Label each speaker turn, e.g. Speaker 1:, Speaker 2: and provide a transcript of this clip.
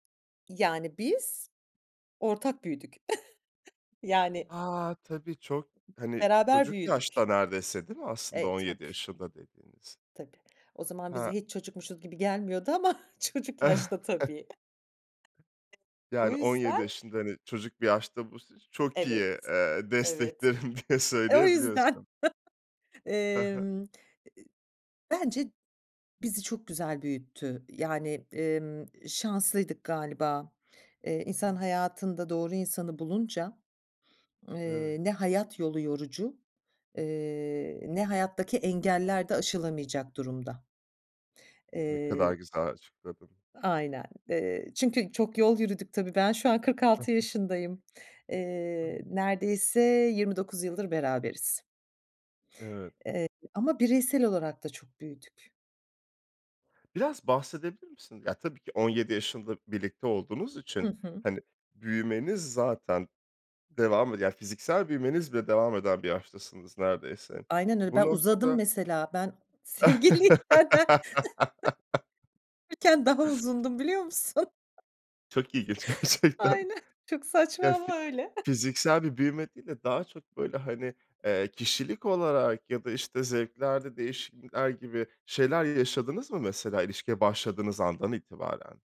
Speaker 1: Yani biz ortak büyüdük. Yani.
Speaker 2: A, tabii. Çok hani
Speaker 1: Beraber
Speaker 2: çocuk
Speaker 1: büyüdük.
Speaker 2: yaşta neredeyse değil mi? Aslında
Speaker 1: E
Speaker 2: 17
Speaker 1: tabii.
Speaker 2: yaşında dediğiniz.
Speaker 1: Tabii. O zaman bize
Speaker 2: He.
Speaker 1: hiç çocukmuşuz gibi gelmiyordu ama çocuk yaşta tabii. O
Speaker 2: Yani 17
Speaker 1: yüzden
Speaker 2: yaşında hani çocuk bir yaşta bu, s ş çok
Speaker 1: Evet.
Speaker 2: iyi, eee,
Speaker 1: Evet.
Speaker 2: desteklerim diye
Speaker 1: O yüzden,
Speaker 2: söyleyebiliyorsun. He he.
Speaker 1: emm, bence bizi çok güzel büyüttü. Yani, emm, şanslıydık galiba. Eee, insan hayatında doğru insanı bulunca, eee,
Speaker 2: Evet.
Speaker 1: ne hayat yolu yorucu, eee, ne hayattaki engeller de aşılamayacak durumda.
Speaker 2: Ne
Speaker 1: Eee
Speaker 2: kadar güzel açıkladın.
Speaker 1: Aynen. Eee, çünkü çok yol yürüdük tabii. Ben şu an kırk
Speaker 2: Hı
Speaker 1: altı
Speaker 2: hı.
Speaker 1: yaşındayım. Eee, neredeyse 29 yıldır beraberiz.
Speaker 2: Evet.
Speaker 1: Evet, ama bireysel olarak da çok büyüdük.
Speaker 2: Biraz bahsedebilir misin? Ya tabii ki 17 yaşında birlikte olduğunuz
Speaker 1: Hı
Speaker 2: için
Speaker 1: hı.
Speaker 2: hani büyümeniz zaten devam eden, yani fiziksel büyümeniz bile devam eden bir yaştasınız neredeyse.
Speaker 1: Aynen öyle.
Speaker 2: Bu
Speaker 1: Ben uzadım
Speaker 2: noktada
Speaker 1: mesela. Ben sevgiliyken [unintelligible] daha uzundum biliyor musun?
Speaker 2: Çok ilginç gerçekten.
Speaker 1: Aynen, çok saçma
Speaker 2: Ya fi
Speaker 1: ama öyle.
Speaker 2: fiziksel bir büyüme değil de daha çok böyle hani, eee ,kişilik olarak ya da işte zevklerde değişiklikler gibi şeyler yaşadınız mı mesela ilişkiye başladığınız andan itibaren?